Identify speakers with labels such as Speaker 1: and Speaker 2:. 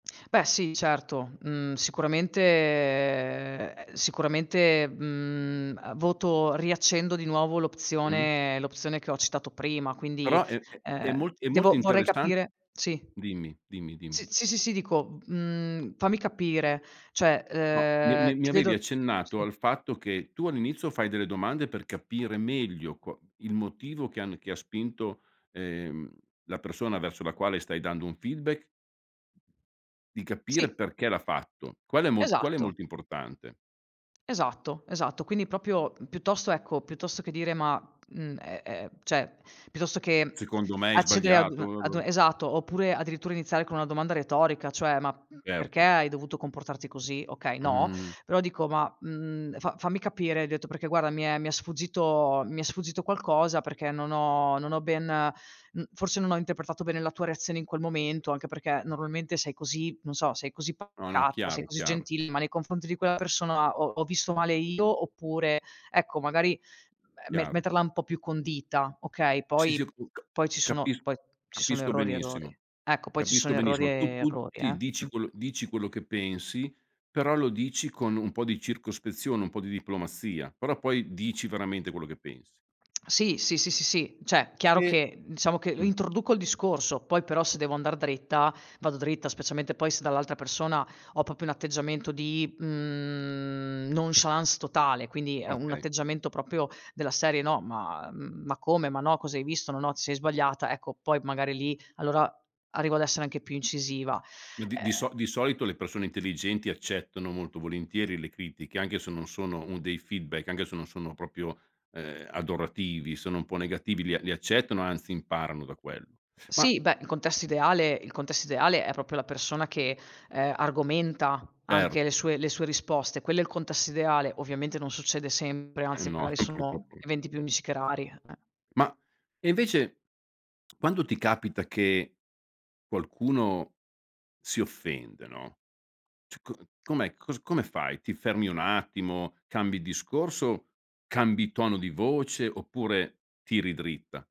Speaker 1: Beh sì certo. Mhmm, sicuramente ehm, sicuramente, mhmm, ehm, voto riaccendo di nuovo
Speaker 2: Mh.
Speaker 1: l'opzione l'opzione che ho citato prima, quindi,
Speaker 2: Però è è è
Speaker 1: ehm,
Speaker 2: mol è molto
Speaker 1: devo vorrei
Speaker 2: interessan
Speaker 1: capire sì.
Speaker 2: dimmi, dimmi, dimmi.
Speaker 1: Sì, sì, sì, sì, dico, mhmm, fammi capire. Cioè,
Speaker 2: No, mi e
Speaker 1: ehm,
Speaker 2: mi mi
Speaker 1: ti
Speaker 2: avevi
Speaker 1: vedo mh,
Speaker 2: accennato
Speaker 1: sì.
Speaker 2: al fatto che tu all'inizio fai delle domande per capire meglio qua il motivo che hanno che ha spinto, ehm, la persona verso la quale stai dando un feedback di capire
Speaker 1: Sì.
Speaker 2: perché l'ha fatto. Quale è mol qual è
Speaker 1: Esatto.
Speaker 2: molto importante?
Speaker 1: Esatto, esatto. Quindi proprio, mhmm, piuttosto ecco, piuttosto che dire ma mhmm, ehm, ehm, cioè piuttosto che
Speaker 2: Secondo me hai
Speaker 1: accedere ad
Speaker 2: sbagliato,
Speaker 1: una
Speaker 2: va
Speaker 1: ad u
Speaker 2: bo.
Speaker 1: esatto, oppure addirittura iniziare con una domanda retorica cioè: "Ma, mhmm, perché
Speaker 2: Certo.
Speaker 1: hai dovuto comportarti così?" Okay no,
Speaker 2: Mh-mh-mh-mh.
Speaker 1: però dico: "Ma, mhmm, fa fammi capire, hai detto perché guarda mi è mi è sfuggito mi è sfuggito qualcosa perché non ho non ho ben mhmm, forse non ho interpretato bene la tua reazione in quel momento. Anche perché normalmente sei così, non so, sei così
Speaker 2: No, no,
Speaker 1: pacata, sei
Speaker 2: chiaro,
Speaker 1: così
Speaker 2: chiaro.
Speaker 1: gentile, ma nei confronti di quella persona ho ho visto male io, oppure" Ecco magari me me
Speaker 2: Chiaro.
Speaker 1: metterla un po' più condita, okay.
Speaker 2: Sì, sì,
Speaker 1: Poi
Speaker 2: [unintelligible]
Speaker 1: poi ci sono
Speaker 2: capis
Speaker 1: poi ci sono
Speaker 2: capisco
Speaker 1: errori,
Speaker 2: benissimo.
Speaker 1: errori. Ecco poi ci
Speaker 2: Capisco
Speaker 1: sono errori e
Speaker 2: benissimo. Tu tu
Speaker 1: errori
Speaker 2: ti
Speaker 1: eh,
Speaker 2: dici
Speaker 1: mh.
Speaker 2: quello dici quello che pensi, però lo dici con un po' di circospezione, un po' di diplomazia. Però poi dici veramente quello che pensi.
Speaker 1: Sì. Sì, sì, sì, sì, cioè, chiaro
Speaker 2: E
Speaker 1: che diciamo che
Speaker 2: mh.
Speaker 1: introduco il discorso, poi però se devo andar dritta vado dritta, specialmente poi se dall'altra persona ho proprio un atteggiamento di, mhmm, nonchalance totale, quindi è un
Speaker 2: Okay.
Speaker 1: atteggiamento proprio della serie: "No ma mhmm, ma come? Ma no, cosa hai visto? No, no ti sei sbagliata." Ecco poi magari lì allora arrivo ad essere anche più incisiva.
Speaker 2: Ma di di
Speaker 1: Ehm
Speaker 2: so di solito le persone intelligenti accettano molto volentieri le critiche anche se non sono un dei feedback, anche se non sono proprio, ehm, adorativi, sono un po' negativi, li a li accettano anzi imparano da quello. Ma
Speaker 1: Sì, beh, il contesto ideale il contesto ideale è proprio la persona che, ehm, argomenta
Speaker 2: Cer
Speaker 1: anche le sue le sue risposte; quello è il contesto ideale. Ovviamente non succede sempre,
Speaker 2: Eh
Speaker 1: anzi
Speaker 2: no
Speaker 1: magari sono
Speaker 2: purtroppo
Speaker 1: eventi più unici che rari. Eh.
Speaker 2: Ma, e invece, quando ti capita che qualcuno si offende, no, cioè co com'è cos come fai? Ti fermi un attimo, cambi discorso, cambi tono di voce, oppure tiri dritta?